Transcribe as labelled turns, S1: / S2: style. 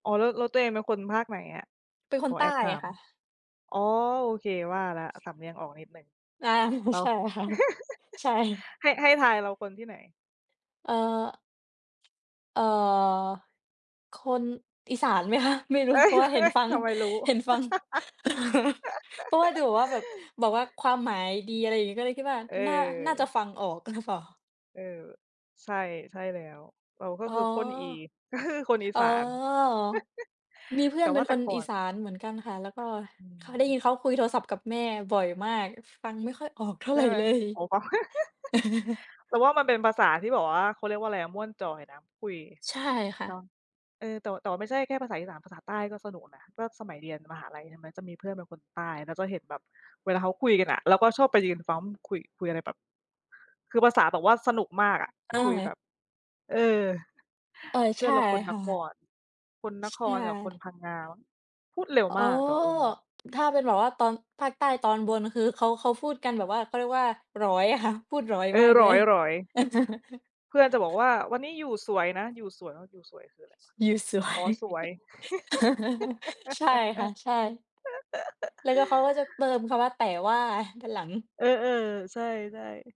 S1: อ๋อ แล้ว แล้วตัวเองเป็นคนภาคไหนอะ?
S2: เป็นค
S1: ข
S2: น
S1: อ
S2: ใ
S1: แ
S2: ต
S1: อ
S2: ้
S1: บถา
S2: อะ
S1: ม
S2: ค่ะ
S1: อ๋อ โอเคว่าแล้ว สำเนียงออกนิดหนึ่ง
S2: อา
S1: เรา
S2: ใช่ค่ะ ใช่
S1: ให้ ให้ทายเราคนที่ไหน?
S2: เอ่อ เอ่อ คนอีสานไหมคะ? ไม่รู้
S1: เฮ้
S2: เพ
S1: ย
S2: ราะว่า เ
S1: เ
S2: ห
S1: ฮ
S2: ็น
S1: ้ย
S2: ฟัง
S1: ทำไมรู้
S2: เห็นฟัง เพราะว่าดูแบบว่าแบบ บอกว่าความหมายดีอะไรอย่างงี้ ก็เลยคิดว่า
S1: เ
S2: น่า น่าจะ
S1: ออ
S2: ฟังออก หรือ เปล่า
S1: เออ ใช่ ใช่แล้ว เราก็
S2: อ๋อ
S1: คือคนอี ก็คือคนอี
S2: อ๋
S1: ส
S2: อ
S1: าน
S2: มีเพื่
S1: แต
S2: อ
S1: ่
S2: นเป
S1: ว
S2: ็
S1: ่า
S2: น
S1: แต
S2: ค
S1: ่
S2: น
S1: ก่อ
S2: อี
S1: น
S2: สานเหมือนกันค่ะ แล้วก็
S1: อื
S2: เขา ได้
S1: ม
S2: ยินเขาคุยโทรศัพท์กับแม่บ่อยมาก ฟังไม่ค่อยออกเท่า
S1: ใช
S2: ไ
S1: ่
S2: ร
S1: ไหม?
S2: เลย
S1: โอ๋ปอ เราว่ามันเป็นภาษาที่แบบว่าเขาเรียกว่าอะไรอะ ม่วนจอยนะคุย
S2: ใช่ค่
S1: จอ
S2: ะ
S1: ง เออ แต่ แต่ว่าไม่ใช่แค่ภาษาอีสาน ภาษาใต้ก็สนุกนะ ก็สมัยเรียนมหาลัย ใช่ไหม จะมีเพื่อนเป็นคนใต้ แล้วก็เห็นแบบเวลาเขาคุยกันอะ เราก็ชอบไปยืนฟัง ว่ามันคุย คุยอะไรแบบ คือภาษาแบบว่าสนุกมากอะ คุยแบ
S2: เออ
S1: บ เออ
S2: เออ
S1: เพ
S2: ใ
S1: ื
S2: ช
S1: ่อน
S2: ่
S1: เราคน
S2: ค
S1: น
S2: ่
S1: ค
S2: ะ
S1: ร คนน
S2: ใช
S1: ครกับค
S2: ่
S1: นพังงามั้ง พูดเร็ว
S2: อ๋อ
S1: มาก แต่ เออ
S2: ถ้าเป็นแบบว่าตอน ภาคใต้ตอนบน คือเขา เขาพูดกันแบบว่า เขาเรียกว่า หรอยอะค่ะ พูดหรอย
S1: เอ
S2: มา
S1: อ
S2: ก
S1: ห
S2: เ
S1: ร
S2: ล
S1: อ
S2: ย
S1: ย หรอย เพื่อนจะบอกว่าวันนี้อยู่สวยนะ อยู่สวย อยู่สวยคืออะไรวะ
S2: อยู่สว
S1: อ๋อ
S2: ย
S1: สวย
S2: ใช่ค่ะ ใช่ แล้วก็เขาก็จะเติมคำว่า "แต่ว่า" ด้านหลัง
S1: เออ ๆ ใช่ ๆ